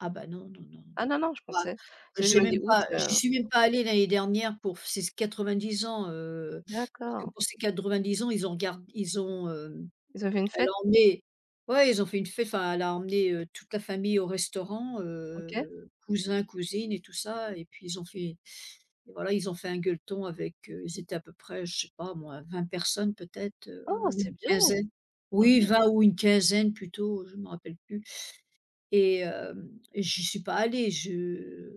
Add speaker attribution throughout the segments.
Speaker 1: Ah, bah, non, non, non, non.
Speaker 2: Ah, non, non je
Speaker 1: Bon apr
Speaker 2: pensais
Speaker 1: bah
Speaker 2: c'est que je
Speaker 1: j'ai
Speaker 2: me dis
Speaker 1: même
Speaker 2: août,
Speaker 1: pas j'y
Speaker 2: heu
Speaker 1: suis même pas allée l'année dernière pour f ces 90 ans, heu, parce que
Speaker 2: D'accord.
Speaker 1: pour ces 90 ans, ils ont regard ils ont, hem,
Speaker 2: Ils avaient une
Speaker 1: elle a
Speaker 2: fête.
Speaker 1: emmené ouais ils ont fait une fê enfin elle a emmené, heu, toute la famille au restaurant
Speaker 2: OK.
Speaker 1: heu cousins, cousines et tout ça, et puis ils ont fait et voilà ils ont fait un gueuleton avec, heu ils étaient à peu près je sais pas moi 20 personnes peut-être,
Speaker 2: Oh!
Speaker 1: heu, ou
Speaker 2: C'est
Speaker 1: une
Speaker 2: bien.
Speaker 1: quinzaine.
Speaker 2: Mmh
Speaker 1: Oui,
Speaker 2: mh.
Speaker 1: 20 ou une quinzaine plutôt, heu, je m'en rappelle plus, et hem, et j'y suis pas allée, je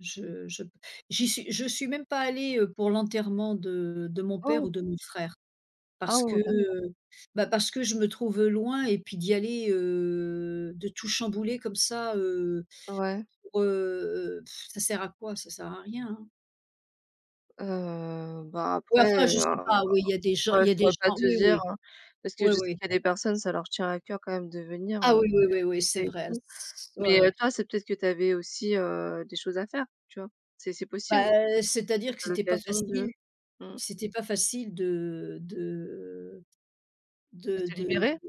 Speaker 1: je je p j'y suis je suis même pas allée, heu, pour l'enterrement de de mon père ou
Speaker 2: Oh!
Speaker 1: de mon frère,
Speaker 2: Ah
Speaker 1: parce que,
Speaker 2: oh! D'accord.
Speaker 1: heu, bah parce que je me trouve loin et puis d'y aller heu de tout chambouler comme ça, heu,
Speaker 2: Ouais.
Speaker 1: pour, heu ça sert à quoi? Ça sert à rien hein.
Speaker 2: Heu bah
Speaker 1: Ouais,
Speaker 2: après,
Speaker 1: enfin je
Speaker 2: heu,
Speaker 1: sais
Speaker 2: hein,
Speaker 1: pas. Oui, il y a des gens
Speaker 2: moi
Speaker 1: il y
Speaker 2: je
Speaker 1: a des
Speaker 2: pourrais pas
Speaker 1: gens,
Speaker 2: te
Speaker 1: oui,
Speaker 2: dire,
Speaker 1: oui.
Speaker 2: hein. Parce que
Speaker 1: Oui,
Speaker 2: je sais
Speaker 1: oui.
Speaker 2: qu'il y a des personnes, ça leur tient à coeur quand même de venir,
Speaker 1: Ah,
Speaker 2: [unintelligible]
Speaker 1: oui, oui, oui, oui,
Speaker 2: les
Speaker 1: c'est
Speaker 2: décès et
Speaker 1: vrai.
Speaker 2: tout.
Speaker 1: S ouais,
Speaker 2: Mais, heu,
Speaker 1: ouais.
Speaker 2: toi, c'est peut-être que tu avais aussi, heu, des choses à faire, tu vois? C'est c'est possible.
Speaker 1: Bah, heu,
Speaker 2: Tu as
Speaker 1: c'est-à-dire que
Speaker 2: pas
Speaker 1: c'était pas
Speaker 2: l'occasion
Speaker 1: facile,
Speaker 2: de mmh
Speaker 1: c'était pas facile, de de
Speaker 2: de
Speaker 1: de de
Speaker 2: te
Speaker 1: de
Speaker 2: libérer.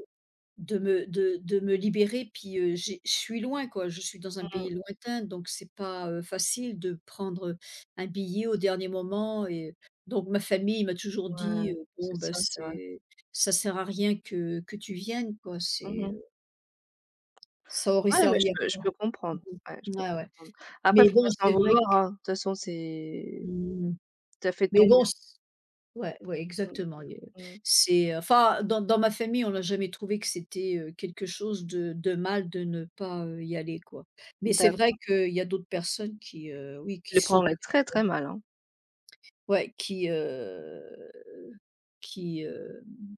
Speaker 1: de me de de me libérer. Puis, heu, j'ai je suis loin quoi, je suis dans un
Speaker 2: Mmh
Speaker 1: pays
Speaker 2: mh.
Speaker 1: lointain. Donc c'est pas, heu, facile de prendre, heu, un billet au dernier moment et heu, donc ma famille m'a toujours dit:
Speaker 2: Ouais,
Speaker 1: «Heu, bon,
Speaker 2: c'est
Speaker 1: ben,
Speaker 2: ça. C'est vrai.
Speaker 1: c'est ça sert à rien que que tu viennes quoi,
Speaker 2: Mmh
Speaker 1: c'est,
Speaker 2: mh.
Speaker 1: heu» ça aurait
Speaker 2: Ouais, mais je
Speaker 1: servi à
Speaker 2: peux je
Speaker 1: quoi?
Speaker 2: peux comprendre. Ouais je peux
Speaker 1: Ouais, ouais,
Speaker 2: comprendre. Après,
Speaker 1: mais
Speaker 2: faut pas
Speaker 1: bon
Speaker 2: s'en
Speaker 1: c'est vrai
Speaker 2: vouloir,
Speaker 1: que
Speaker 2: hein, de toute façon, c'est
Speaker 1: Mmh.
Speaker 2: tu as fait de
Speaker 1: Mais
Speaker 2: ton
Speaker 1: bon
Speaker 2: mieux.
Speaker 1: s ouais, ouais
Speaker 2: Mmh.
Speaker 1: exactement, et heu
Speaker 2: Mmh.
Speaker 1: c'est enfin dans dans ma famille, on n'a jamais trouvé que c'était, heu, quelque chose de de mal de ne pas, heu, y aller quoi. Mais c'est vrai
Speaker 2: D'accord.
Speaker 1: qu'il y a d'autres personnes qui, heu, oui qui
Speaker 2: Je le
Speaker 1: sauteraient,
Speaker 2: prendrai très,
Speaker 1: heu
Speaker 2: très mal hein.
Speaker 1: Ouais, qui heu qui, hem